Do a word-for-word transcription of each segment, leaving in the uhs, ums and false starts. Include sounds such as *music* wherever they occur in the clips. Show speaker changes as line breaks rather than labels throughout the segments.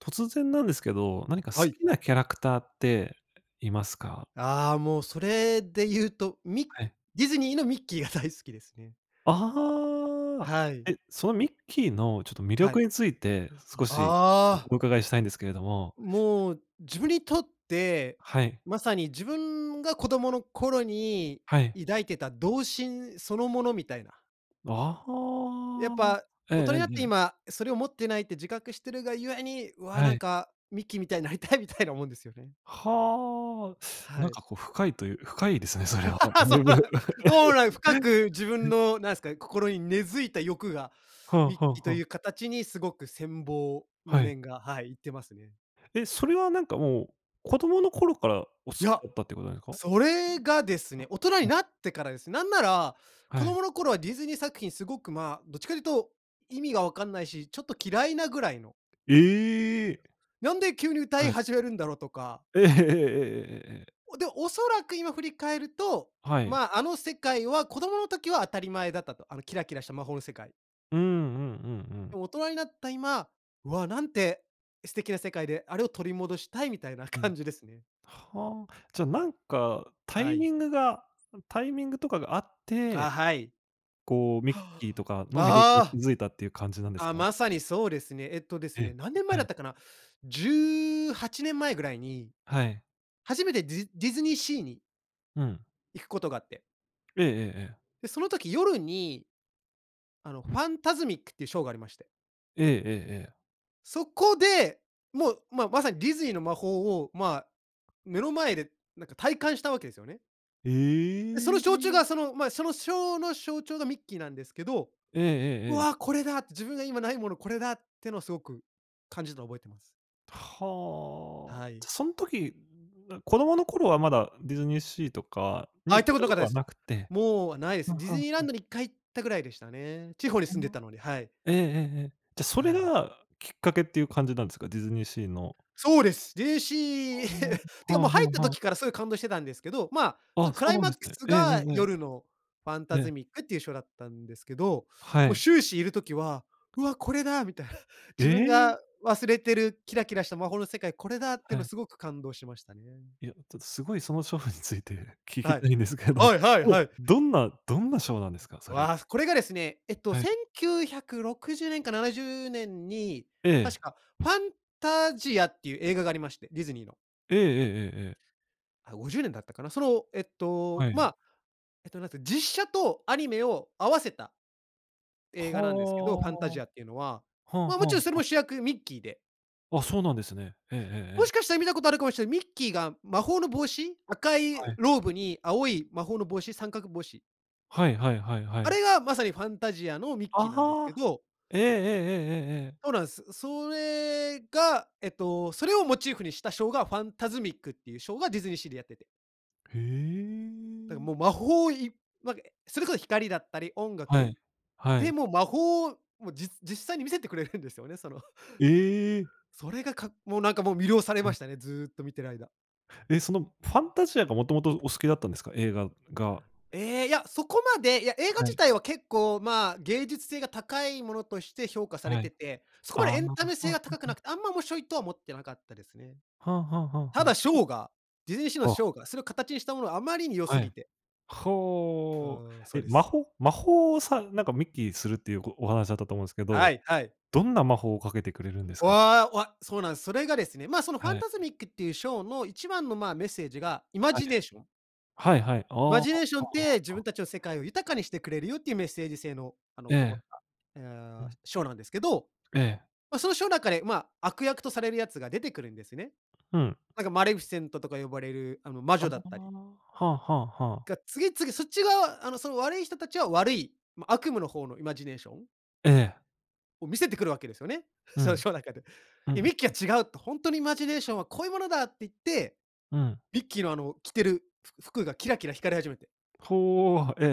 突然なんですけど、何か好
はい。
きなキャラクターっていますか？
ああ、もう、それで言うと、ミ
はい。
ディズニーのミッキーが大好きですね。
ああ、
はい。
え、そのミッキーの、ちょっと、魅
はい。
力について
あ、
少しすこ
あ
お
あ。
伺いしたいんですけれども。
もう、自分にとって、
はい。
まさに自分が子供の頃に
はい。
抱いてた童心そのものみたいな。
あ
やっ
あ、
ぱ、
ええ
大人
ええ
になっ
え
て
え。
今、それを持ってないって自覚しているがゆえに、わあ、
は
なん
い。
か・ミッキーみたいになりたいみたいなもんですよね。
はあ。な
は
ん
い。
か、こう、深いという深いですね、それは。と
*laughs*
ん
そ
で
う
も
なん、そうなん、深く自分
*laughs*
の、なんすか、心に根付いた欲が、
はあ
ミッ
は
キーと
あは
い
あ。
う形にすごく羨望の
はい。
念が、はい、いってますね。
え、それは、なんか、もう、子供の頃からお好き
や、
だったってことですか？
それがですね、大人に
*unintelligible*
なってからです。なんなら子
はい。
供の頃はディズニー作品、すごく、ま、どっちかというと、意味がわかんないし、ちょっと嫌いなぐらいの。
ええ。
なんで急に歌
は
い
い
始めるんだろうとか。
ええええええええええええ。
おで、おそらく今振り返ると、
はい。
まあ、あの世界は子供の時は当たり前だったと。あのキラキラした魔法の世界。
うーん。うんうんう
で
ん。
も大人になった今、わあ、なんて、素敵な世界で、あれを取り戻したい、みたいな *laughs*
う
感
ん。
じですね。
はあ、じゃ、なんか、タ
は
イ
い。
ミングがタイミングとかが合って
あ、はい。
こう、ミッ
は
キーとか
あ、
の魅力
あ。
に
ああ。
気付いたっていう感じなんで
あ
す
あ、
か？
まさにそうですね。えっとです
え
ね、
え、
何年前
は
だっ
い。
たかな？じゅうはちねん前ぐらいに、
はい。
初めてディズディズニーシーに
うん。
行くことがあって。
ええええええ。
で、その時夜にあの、ファンタズミックってショーがありまして。
ええ、ええ、ええ。
そこで、もう、ままさにディズニーの魔法を、まあ、目の前で、なんか、体感したわけですよね。え、その
え
しょうちゅうが、
え。
その、ま、そのショーの象徴がミッキーなんですけど、
ええ
「う
えええ
わ、
え。
これだ」って。自分が今ないものこれだってのすごく感じたの覚えています。
はあ。
はい。
じゃそん時、な、子供の頃はまだ、ディズニーシーとか
あ、
に
行っ
行っ
たこ
た
となか
こ
った
と
で
は
す。
なくって。
もうないです。
はあ
ディ
はあ
ズ
は
ニーラン
あ。
ドにいっかい行ったぐらいでしたね。地方に
ほ
住ん
ん
で
の
たので、はい。
ええええええ。じゃ、そ
は
れ
い。
が、きっかけっていう感じなんですか？ディズニーシーの。
そうです。ディズニーシ
ああ。は
ー、*laughs* て
あ
かもう
は
入った
あはあ。
時からすぐ感動してたんですけど、ま、そ
あ、
のク
そう
ライ
なん
マッ
で
ク
すね。
ス
えええ
が、
えええ。
夜のファンタ
え
ズ
え。
ミックっていうショーだったんですけど。
は
もう
い。
終始いる時は、「うわ、これだ」みたい。*chuckles*
え
「自分
え？
が忘れてるキラキラした魔法の世界、これだ」って
は
の
い。
すごく感動しましたね。
いや、ちょっとすごいそのショーについて聞き
はい。
たいんですけど。
はいはい
うん、
はい。
どんなどんなショーなんですか？
ん、
それ。
わあ、これがですね、えっと、
は
せ
い。
んきゅうひゃくろくじゅうねんかななじゅうねんに、
ええ。
確か、ファンタジアっていう映画がありまして。ディズニーの。
ええええええええ。
あ、ごじゅうねんだったかな。その、えっと、
はい。
ま、えっと、なんか、実写とアニメを合わせた映
は
画なんですけど、ファンタジアっていうのは。
あ。はあ
ま、も
はあ
ちろん
は
それも
あ。
主役、ミッキーで。
あ、そうなんですね。ええええ
も
え
し
え。
かしたら見たことあるかもしれん、ミッキーが魔法の帽子、赤い
はい。
ローブに青い魔法の帽子、三角帽子。
はいはいはいは
あ
い。
れがまさにファンタジアのミッキーなんです
あ
け
あ。
ど
ええええええええええ。
そうなんす。それが、えっと、それをモチーフにしたショーがファンタズミック！っていうショーがディズニーシーでやってて
へ
だか、
え。
もう魔法いまげそれこ光だったり音
は
楽、
い、は
で
い。
も魔法、もうじつ実際に見せてくれるんですよね、その
え！
それが、かもうなんか、もう魅了され
う
ま
ん。
したね、ずっと見てる間。
え、そのファンタジアがもともとお好きだったんですか？映画が。
え、いや、そこまで、いや、映画
は
自
い。
体は結構、まあ、芸術性が高いものとして評価され
はい。
てて、そこ
ああ、
まで
は
エン
あ
タ
は
メ
あ
性
は
は高くな
あ。
くて、あんま面白いとは思ってなかったですね。
はあはあはあ
た
はあ。
だシ
ふ
ョーが、ディズニーシーの
あ。
ショーが、それを形にしたものはあまりに良す
は
ぎ
い、
てう
ほお、
ーん、そう
え、
で
魔
す。
法魔法をさなんかミッキーするっていうごお話だったと思うんすけど、
はいはい。
どんな魔法をかけてくれるんですか？
わ、うわ、そうなんす。それがですね、まあ、そのファン
はい。
タズミック！っていうショーの一番の、まあ、メッセージが、イマ
はい。
ジネーション。
はいはい。ああ、あ、
「マ
は
ジネーション
あ
っ
は
て、自
あは
分
あ。
たちの世界を豊かにしてくれるよ」っていうメッセージ性の、あの、
え
こもっ
え。
た、え、
う
あ、
ん。
ショーなんですけど、
ええ。
ま、そのショー中でまあ、悪役とされるやつが出てくるんですね。
ふん。
なんかマレフィセントとか呼ばれるあの魔
あ
女
あ
だっ
あ
たり
あ、はあはあはあ。
が次々そっち側、あの、その悪い人たちは悪い、ま、悪夢の方のイマジネーション。
ええ。
を見せてくるわけですよね。
う
その
ん。
ショー中で。
う
で、
ん。
ミッキーは違うと。「ほんとにイマジネーションはこういうものだ」って言って、
うん。
ミッキーの、あの、着てるふ服がキラキラ光り始めて。
ほお、は、え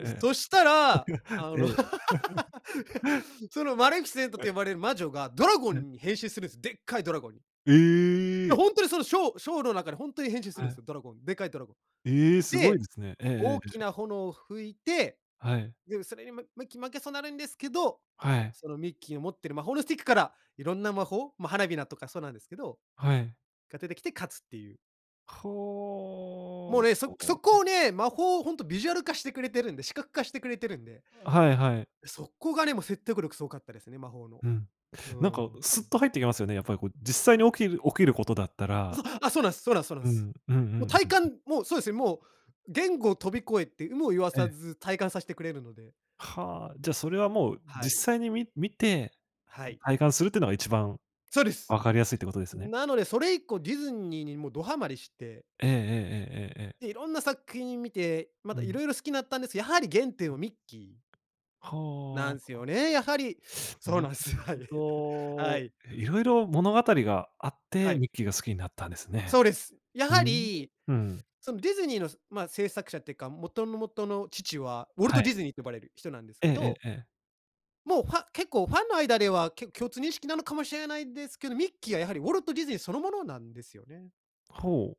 う、そした
えええええええ。
ら、あの、
*laughs* ええ。*laughs*
*laughs* そのマレフィセント
ええ。
と呼ばれる魔女が、ドラゴ
はい。
ンに変身するんすよ、でっかいドラゴンに。い
え
や、
え。
ほんとに、そのショーショーの中でほんとに変身す
は
るんす
い。
よ、ドラゴン、でかいドラゴン。
ええ、すごいで
で、
すね。ええええ
大
え
き
え。
な炎を吹いて、
はい。
でも、それにも、ミッキー負けそうなるんですけど、
はい。
そのミッキーを持ってる魔法のスティックからいろんな魔法、ま、花火だとか、そうなんですけど、
はい。
が出てきて勝つっていう。もう
ほお、
ね、そ
こ
そ
お。
こをね、魔法をほんとビジュアル化してくれてるんで、視覚化してくれてるんで。
はいはい。
そこがね、も、説得力すごかったですね、魔法の。
うん。
う
なんか、
ーん。
すっと入ってきますよね、やっぱりこう、実際に起きる起きることだった
あ、そ
ら。
う。あ、そうなんす、そうなんすそうなん
うん、
す。
うんうん
もう
う
体
んうん。
感、もうそうですね、もう言語を飛び越えて有無を言わ
え
さ
え。
ず体感さしてくれるので。
はあ、じゃ、それはもう、
はい。
実際に、み見て
はい。
体感するってのが一番
そうです。
分かりやすいってことですよね。
なので、それ以降ディズニーにもう、どハマりして。
ええええええええええ。
で、いろんな作品見て、ま
う
た
ん。
色々好きなったんです、やはり原点をミッキーな
は
んすよ
あ。
ね、やはり、そう
な
なんす
る
よ。はい、
ほ
*laughs* は
ど。
い。
いろいろ物語があっ
は
て、
い。
ミッキーが好きになったんですね。
そうです。や
うー
は
ん、
り、
うん。
そのディズニーの、そまあ、制作者っていか、元の元の父は、ウォル
は
ト・
い。
ディズニーと呼ばれる人なんです
え
け
ええ
ど
えええ。
もう、ファ結構ファンの間ではけ共通認識なのかもしれないですけど、ミッキーはやはりウォルトディズニーそのものなんですよね。
ほう。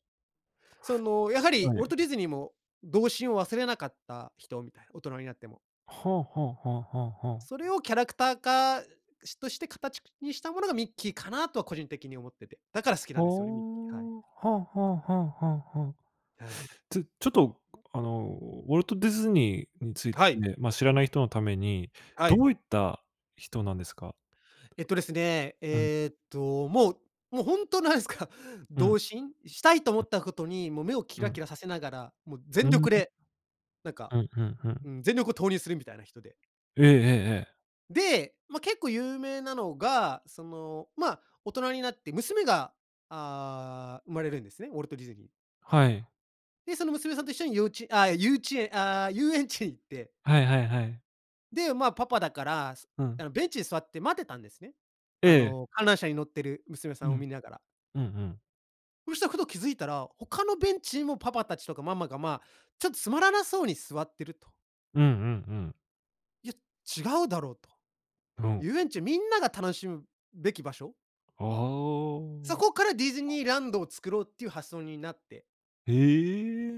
その、やはり
は
ウォル
い。
トディズニーも、童心を忘れなかった人みたいな、大人になっても。
はあはあはあはあはあ。
それをキャラクター化しとして形くにしたものがミッキーかな、とは個人的に思ってて。だから好きな
は
ん
あ。
ですよね、ミッキー、はい。
はあはあはあはあはあ。
はい。
ちょちょっと、あの、ウォルトディズニーについて、
はい。
ま、知らない人のために、
は
ど
い。
ういった人なんですか？
えっとですね。
うん。
えっと、もう、もうほんとなんですか、
うん。
童心したいと思
う
っ
ん。
たことに、もう目をキ
う
ラ
ん。
キラさせながら、もう
う
全
ー
力
ん。
で、なんか、
うん、ふんふん。
うん、全力を投入するみたいな人で。
ええええええ。
で、ま、結構有名なのが、その、ま、大人になって娘が、ああ、生まれるんですね、ウォルトディズニー。
はい。
で、その娘さんと一緒にようちああ、ゆうちえああ、遊園地へ行って。
はいはいはい。
で、まあ、パパだから、
う
あ
ん。
の、ベンチに座って待ってたんですね。
え
あ
え。
の、観覧車に乗ってる娘さ
う
ん
ん。
を見ながら。
うんうん。
うした、ふと気付いたら、他のベンチにもパパたちとかママが、まあ、ちょっとつまらなそうに座ってると。
うんうんうん。
いや、違うだろうと。
ふん。
遊園地、みんなが楽しむべき場所。
ああ。
そこからディズニーランドを作ろうっていう発想になって。
へ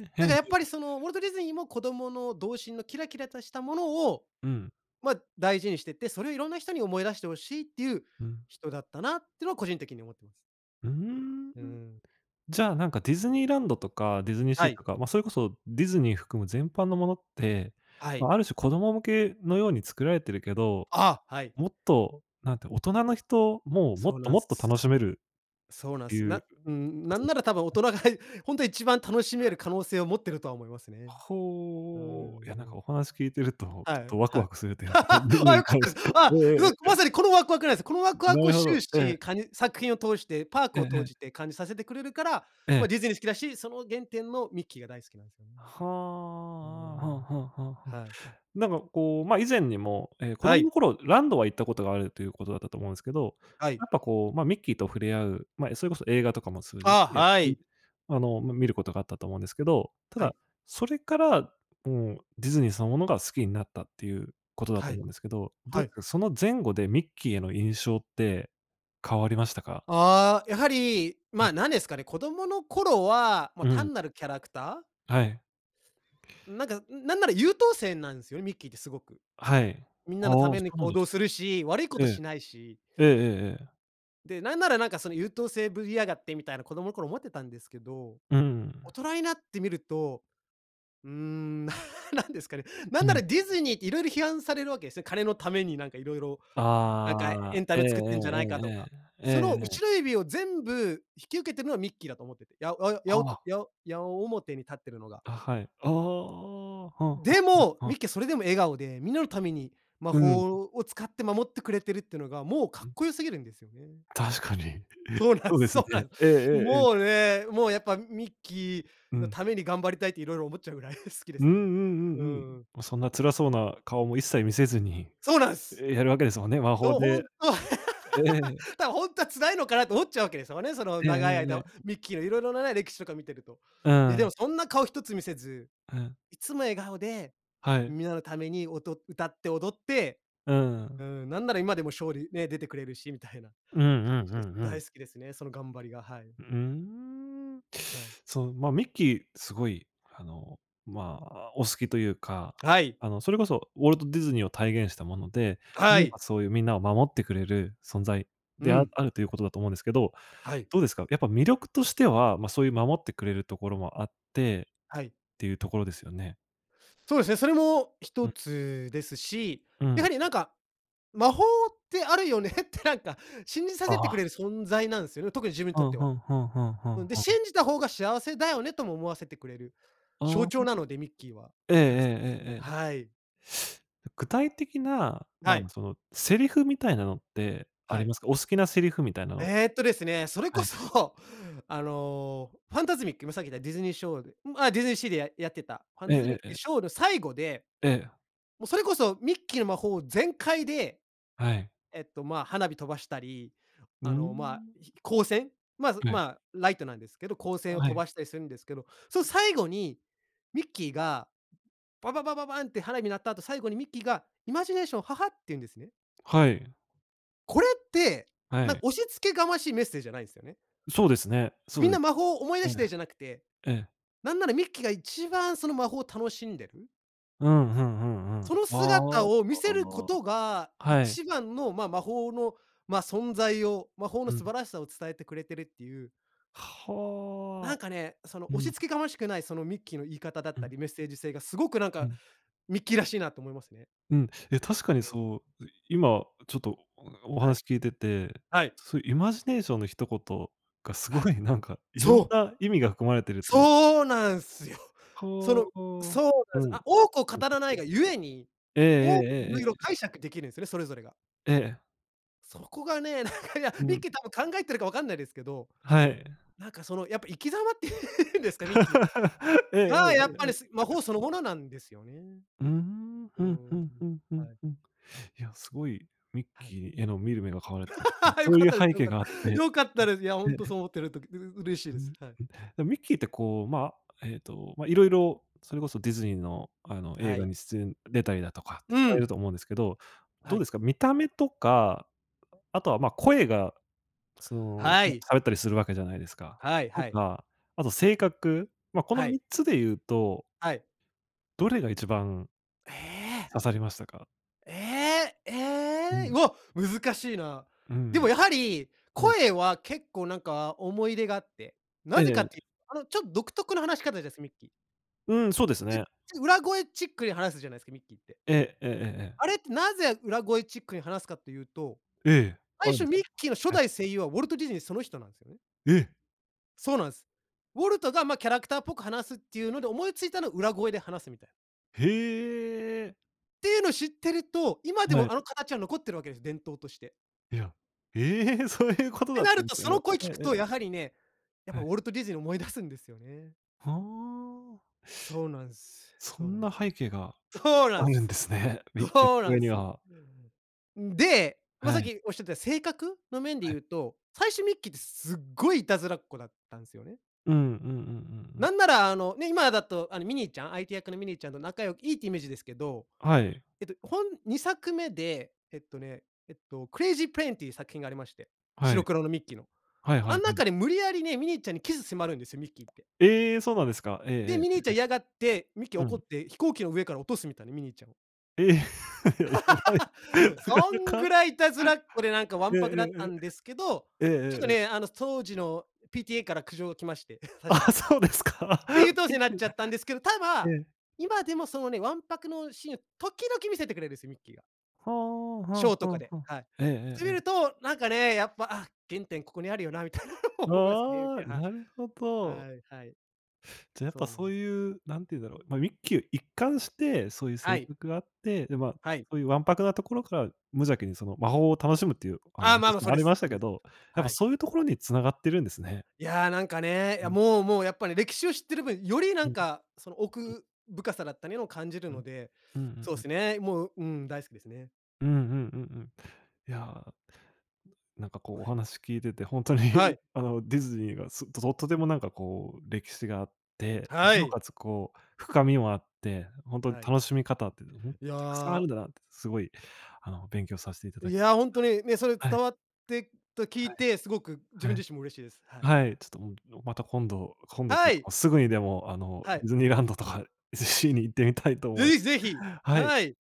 え。
だ
ヘ
か、
ン
やっ
ゼ
ぱり、その、ウォ
ル
ルト・ディズニーも子供の童心のキラキラとしたものを、
うん。
ま、大事にしてて、それをいろんな人に思い出して欲しいっていう
うん。
人だったなってのは、個人的に思ってます。
うーん、う
うー
ん。
ん。
じゃあ、なんかディズニーランドとか、ディズニー
は
シー
い。
とか、ま、それこそディズニー含む全般のものって、
はい。
ま、ある種、子供向けのように作られてるけど、
ああ、はい。
もっと、なんて大人の人もも
そう
っと、
なん
も
す。
っと
す
楽し
す
める
そう
っ
なん
て
す。
い
な
う
うーん、
こ
な
と
ん
で
な
す
ら多分大人
な。
が、ほんとは一番楽しめ
はい。
る可能性を持っているとは思いますね。うー
ほう。いや、なんか
ん。
お話聞いてると、ちょ
は
っ
い、
とワク
は
ワ
い。
クするというか、ディズ
*laughs*
ニ
あ、
ー
良
に
かっ
対
た
し
です。
て。
あ、
ええええ
う
え
わ、
えええ。
まさに、このワクワクなんすよ。このワクワク
な
を
るほ
終
ど。ええ。
始、かに作品を通して、パーク
ええ
をとう
ええ。
じて、感じさせてくれるから、
え
ま、
え。
ディズニー好きだし、その原点のミッキーが大好きなんですよね。
は
うー
あ、あ、
ん。
はあはあはあはあ。
はい。
なんかこう、ま、以前にも、ええ、子
は
供
い。
の頃ランドは行ったことがあるということだったと思うんすけど、
はい。
やっぱこう、ま、ミッキーと触れ合うま、え、それこそ映画とかも通じ
ああ、
て、
は
ほいで、
い。
あの、ま、見ることがあったと思うんですけど。た
は
だ、
い。
それから、もう、ディズニーそのものが好きになったっていうことだ
は
と
い。
思うんですけど、どっ
はい。
かその前後でミッキーへの印象って変わりましたか？
ああ、やはり、
う
ま
ん。
あ、なんですかね、子供の頃は、ま、
うん。
単なるキャラクター。
はい。
うん、なんか、うん、なんなら優等生なんすよね、ミッキーってすごく。
はい。
みん
あ
な
あ、
のた
そ
めに
うなん
行
で
動
す
するし、悪いこ
ね。
と
ええ。
しないし。
ええええええ。
で、なんならなんか、その「優等生ぶりやがって」みたいな子供の頃思ってたんですけど。
うー
大
ん。
人になってみると、うーん。*laughs* なんですかね？な
か
んな
な
ら
り
ディズニーって色々批判されるわけですね。金のためになんかいろいろ、なんかエ
ああ。
ンタ
ええ
メ
え
作ってんじゃないかとか。
えええええ。え
その、
ええ
後
え。
ろ指を全部引き受けてるのはミッキーだと思ってて。やおよや
は
おと
あ。
やお矢面に立ってるのが。
あ、はい。ああああ。はあはあ
で
は
も、
あは
ミ
あ。
ッキーはそれでも笑顔で、みんなのために魔
うん。
法を使って守ってくれてるってのが、もう、か
う
っ
ん。
こよすぎるんですよね。
確かに。*chuckles*
そうなん
そう
す、
です
そ
ね。
うなん。
ええええええ。
もうね、もうやっぱ、ミッキ
う
ーの
ん。
ために頑張りたいって色々思っちゃうぐらい好きで
うんう
すね。
ん
う
うんう
んう
ん。
ん。
も、そんな辛そうな顔も一切見せずに、
そうなんす。
え、やるわけですもんね。魔法
どほ
で
んとは
ええ。
*laughs*「だ、ほんとは辛いのかな」と思っちゃうわけですよね。その
えええ
長い
ええ
間、
え。
ミッキーの色々なね、歴史とか見てると。
う
いや、で
ん。
もそんな顔一つ見せず、
うん。
いつも笑顔で、
はい。
皆のために、おと歌って踊って、
うー
う
ん。
ん。なんなら今でもショーにね、出てくれるしみたいな、
うん
感
うん
じ
う
です。
んうん。
大好きですね。その頑張りが、はい。
うーん。
はい。
そう、ま、ミッキー、すごい、あの、まあ、お好きというか、
はい。
あの、それこそウォルト・ディズニーを体現したもので、
は
いえ
い。
ばそういうみんなを守ってくれる存在
う
であ
ん。
あるということだと思うんですけど、
はい。
どうですか？やっぱ魅力としては、ま、そういう守ってくれるところもあって、
はい。
っていうところですよね。
そうですね、それもひ
う
と
ん。
つですし、
う
やは
ん。
り、なんか、魔法ってあるよねって、なんか信じさ
あ
せてく
あ。
れる存在なんすよね、特に自分に
う
とっ
ん、
て
ふ
は。
んふんふんふん
うん、で
ふん。
信じた方が幸せだよねとも思わせてくれる
あ
象
あ。
徴なので、ミッキーは。
えええ
だからす
ええ
ね、
えええ。
はい。
具体的な、ま
は
あ、ま、
い。
その、セリフみたいなのってあ
は
り
い。
ますか？お好きなセリフみたいなの。
えっとですね、それ
は
こ
い。
そ、あの、ファンタズミック、今さっき言ったディズニーショーでん、あ、ディズニーシーでややってたファ
え
ン
え
タズ
え
ミ
え
ック
え
で
え。
ショーの最後で、
ええ。
も、それこそミッキーの魔法全開で、
はい。
えっと、まあ、花火飛ばしたり、
うー
あの、まあ、
ん。
ひ光線、まず、
はい。
まあ、ライトなんですけど、光線を
は
飛
い。
ばしたりするんですけど、その最後にミッキーがバババババンって花火鳴った後、最後にミッキーが「イマジネーションはは」って言うんですね。
はい。
これって、
は
なん、
い。
押し付けがましいメッセージじゃないんすよね。
そうですね、そ
「みん
う
な魔法を思い出
え
して」じゃ
え。
なくて、
ええ。
なんならミッキーが一番その魔法を楽しんでる。
うん、ふんふん、うん。
その
ああ、
姿
だ
を見
か
せ
ら
るこ
な
とが、
はい。
一番のまあ魔法の、ま、存在を、魔法の
う
素
ん。
晴らしさを伝えてくれてるっていう。な
は
ん
あ、
かね、その
う
押
ん。
しつけがましくない、そのミッキーの言い方だっ
う
た
ん。
り、メッセージ性がすごくなん
う
か、
ん。
ミッキーらしいなと思いますね。
うん、いや確か
う
に
ん。
そう、う、今ちょっとおお
はい。
話聞いてて、
はい。
そう、イマジネーションの一言が、す
は
ご
い。
いなんか色ん
そう。
な意味が含まれているという。
そうなんすよ。そ
ほ
の
う。うん、
そうな
う
ん
ん
す。
うん
あ、多くを
うん。
語らないが故に、
ええ
多く色
ええ
々
え。
解釈できるんすね、それぞれが。
ええ。
そこがね、なんかいや、
う
ミッ
ん。
キー多分考えてるかわかんないですけど、
はい。
なんかその、やっぱ生き様っていうんですか、ミッキーの。
*laughs* ええええ。
がやっぱり、す、魔法そ
*unintelligible*
のものなんですよね。
うーん、
う
ふん
ん、
ふんふんふん
はい。
ふん。いや、すごいミッ
はい。
キーへの見る目が変わるというか、
*laughs* よ
そう
かっ
いう
たです、
背
よ
景
かっ
があっ
た。
て。
よかったです。いや、ほんと
ね。
そう思ってるとう嬉しい
うん、
です。
ん、
はい。
でもミッキーってこう、まあえっと、ま、色々それこそディズニーのあの映
は
画
い。
に出演出たりだとかって
う
される
ん。
と思うんですけど、
は
どう
い。
ですか、見た目とか、あとは、ま、声がその
は
ね、
い。
喋ったりするわけじゃないですか。
はい
と
はい。
か、あと性格、ま、この
はい。
みっつで言うと
はい。
どれが一番
ええ？
刺さりましたか？
ええ、え
う
え、う
ん。
わ、難しいな。
う
でも
ん。
やはり、
うん。
声は結構、なんか、思い出があって。な
え
ぜかっ
え。
ていう、あの、ちょっ独特の話し方です、ミッキー。
うん、そうですね。
う裏声チックに話すじゃないすか、ミッキーって。
ええ、ええええええ。
あれってなぜ裏声チックに話すかというと、
ええ、あ
最
るん
初
です
ミッ
か。
キーの初
はい。
代声優はウォルトディズニーその人なんすよね。
え。
そうなんす。ウォルトが、ま、キャラクターっぽく話すっていうので、思いついたのは裏声で話すみたい。
へえ。
ていうの知ってると、今で
は
も
い。
あの形は残ってるわけです、伝統として。
いや、ええ、そういうこと
て
だっ
な
たん
る
です
と、
か
そ
ね。
の声
え
聞
え
く
ええ。
と、やはりね、やっぱ
は
ウ
い。
ォルトディズニーを思い出すんですよね。
はあ。
そうなんす。
そ
そうな
ん
ん
な
す。
背景が
そうな
あ
ん
るん
す。
ですね。ミッキーの
そうな
上
ん
に
すよ。
は。
んで、いま
は
さっ
い。
きおっしゃってた性格の面で
はい。
言うと、最初ミッキーってすっごいいたずらっ子だったんすよね。
うん、うんうんうんうん。
なんなら、あの、ね、今だと、あの、ミニーちゃん、相手役のミニーちゃんと仲よいいっていうイメージですけど、
はい。
えっと、ほんにさくめで、えっとね、えっと、クレイジープレーンっていう作品がありまして。
は
白
い。
黒のミッキーの。
はい
あ
はい
ん
は
中
い。
で無理やりね、ミニーちゃんにキス迫るんですよ、ミッキーって。
ええ、そうなんですか？ええええ
で、
え
ミニー
え。
ちゃん嫌がって、ミッキー
う
怒っ
ん。
て飛行機の上から落とすみたいな、ミニーちゃんを。
え、ややばい。
*laughs*
なか
そ
な
ん
か。
ぐらい、いたずらっ子でなんかわ
*laughs* え
ん
え
ぱくだった
え
んですけど、
えええ。えええ
ちょっ
え
と
ええ。
ね、あの、そうじの PTA から苦情が来まして、確か。
あ、そうですか、
で、優
*laughs*
等生なっ
*unintelligible*
ちゃったんですけど、た
え
だ、
え。
今でもそのね、わんぱくのシーン時々見せてくれるす、ミッキーが。
はあ、
ショ
は
ー
あ
とか
は
で、
あはあ。
はい。
えええ
て、
ええ
見
え。
るとなんかね、やっぱ、あ、原点ここにあるよなみたいなの思いますね、ミッ
あ
キ
あ、
ー、はい。
なるほど。
はい、はい。
じゃ、やっぱ
そうなん。
そういう、なんて言うだろう、ま、ミッキー一貫してそういう
は
性
い。
格があって、で、まあ、
はい。
そういうわんぱくなところから、無邪気にその、魔法を楽しむっていう、あ
あ
の、
あ、ま
で
あ、
し
ま、そう
もあ
で
りま
す、
し
そう
た
で
け
す。
ど、やっ
は
ぱ
い。
そういうところに繋がってるんですね。
いや、なんかね、
う
や、
ん。
もうもう、やっぱり歴史を知ってる分、よりな
う
ん
ん。
かその
うん。
奥深さだったにの、感じる
う
の
ん。
で、
うんうん
そう
うん。
すね、もう、うん、大好きですね。
うん、うん、うんうん。いや、なんかこうお
はい
話聞いてて、ほんとに
はい。
あの、ディズニーがすとととてもなんかこう歴史があって、
は
尚
い。
且つこう深みもあって、ほんとに
はい。
楽しみ方ってね、ほん
い
たくさんある
や
んだなってすごい、あの、勉強させていただ
い
き
やほんと
*unintelligible*
に、ね、それ
は
伝
い。
わってと、聞い
はい。
て、すごく自
は
分
い。
自身も嬉しいです。はい。
はい、ちょっと、もう、のまた今度、今度とい
は
うか
い！
すぐにでも、あの、
は
デ
い。
ィズニーランドとか、シーに行ってみたいと
う
思い
い、ぜひ。
はい。
はい。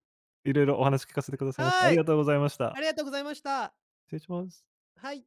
色々お話聞かせてくださいましあ
は
り
い、
がとうございまし
あ
た。
りがとうございました。
失礼します。
はい。